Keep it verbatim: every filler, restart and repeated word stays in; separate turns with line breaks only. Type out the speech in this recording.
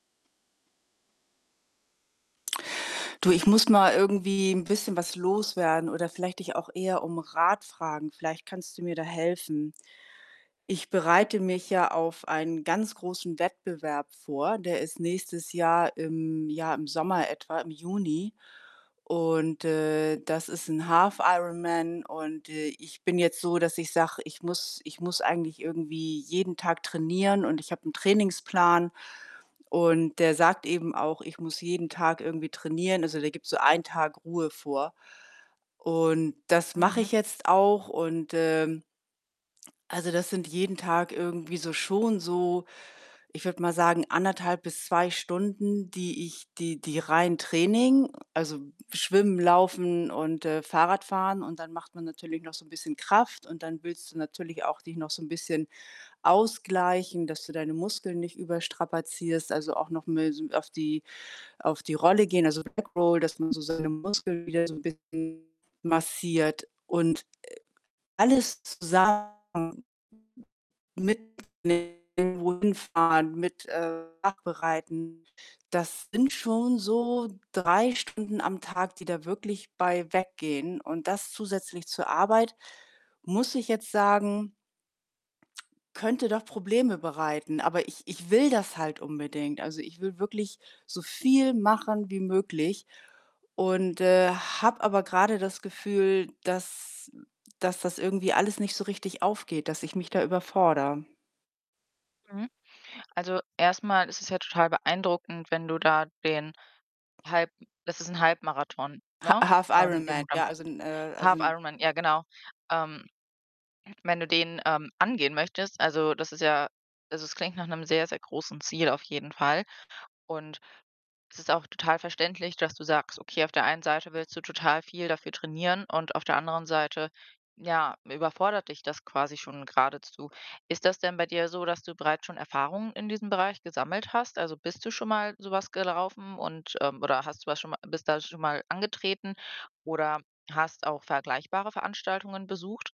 Du, ich muss mal irgendwie 'n bisschen was loswerden oder vielleicht dich auch eher um Rat fragen. Vielleicht kannst du mir da helfen. Ich
Mhm.
bereite mich ja auf einen ganz großen Wettbewerb vor, der ist nächstes Jahr im ja, im Sommer etwa, im Juni. Und, äh, das ist 'n Half-Ironman und, äh, ich bin jetzt so, dass ich sage: „Ich muss ich muss eigentlich irgendwie jeden Tag trainieren“ und ich habe 'n Trainingsplan und der sagt eben auch: „Ich muss jeden Tag irgendwie trainieren“, also, der gibt so einen Tag Ruhe vor. Und das mache
Mhm.
ich jetzt auch und, ähm also, das sind jeden Tag irgendwie so schon so, ich würde mal sagen, anderthalb bis zwei Stunden, die ich die die rein Training, also, schwimmen, laufen und, äh, fahrradfahren und dann macht man natürlich noch so 'n bisschen Kraft und dann willst du natürlich auch dich noch so 'n bisschen ausgleichen, dass du deine Muskeln nicht überstrapazierst, also, auch noch mal so auf die auf die Rolle gehen, also, Backroll, dass man so seine Muskeln wieder so 'n bisschen massiert. Und, äh, alles zusammen [unintelligible] mit dem wohin fahren, mit, äh, Nachbereiten, das sind schon so drei Stunden am Tag, die da wirklich bei weggehen und das zusätzlich zur Arbeit, muss ich jetzt sagen könnte doch Probleme bereiten, aber ich ich will das halt unbedingt. Also, ich will wirklich so viel machen wie möglich und, äh, habe aber grade das Gefühl, dass dass das irgendwie alles nicht so richtig aufgeht, dass ich mich da überfordere.
Mhm. Also, erst mal ist es ja total beeindruckend, wenn du da den Halb das ist 'n Halbmarathon,
Ha
ne, ähm, den
Half-Ironman,
du dann
ja, also, 'n äh, also, 'n
Half-Ironman, ja genau. Ähm, wenn du den, ähm, angehen möchtest, also, das ist ja also, es klingt nach 'nem sehr, sehr großen Ziel auf jeden Fall. Und es ist auch total verständlich, dass du sagst: „Okay, auf der einen Seite willst du total viel dafür trainieren und auf der anderen Seite, ja, überfordert dich das quasi schon geradezu.“ Ist das denn bei dir so, dass du bereits schon Erfahrungen in diesem Bereich gesammelt hast? Also, bist du schon mal so was gelaufen und, ähm oder hast du was schon mal bist da schon mal angetreten oder hast auch vergleichbare Veranstaltungen besucht?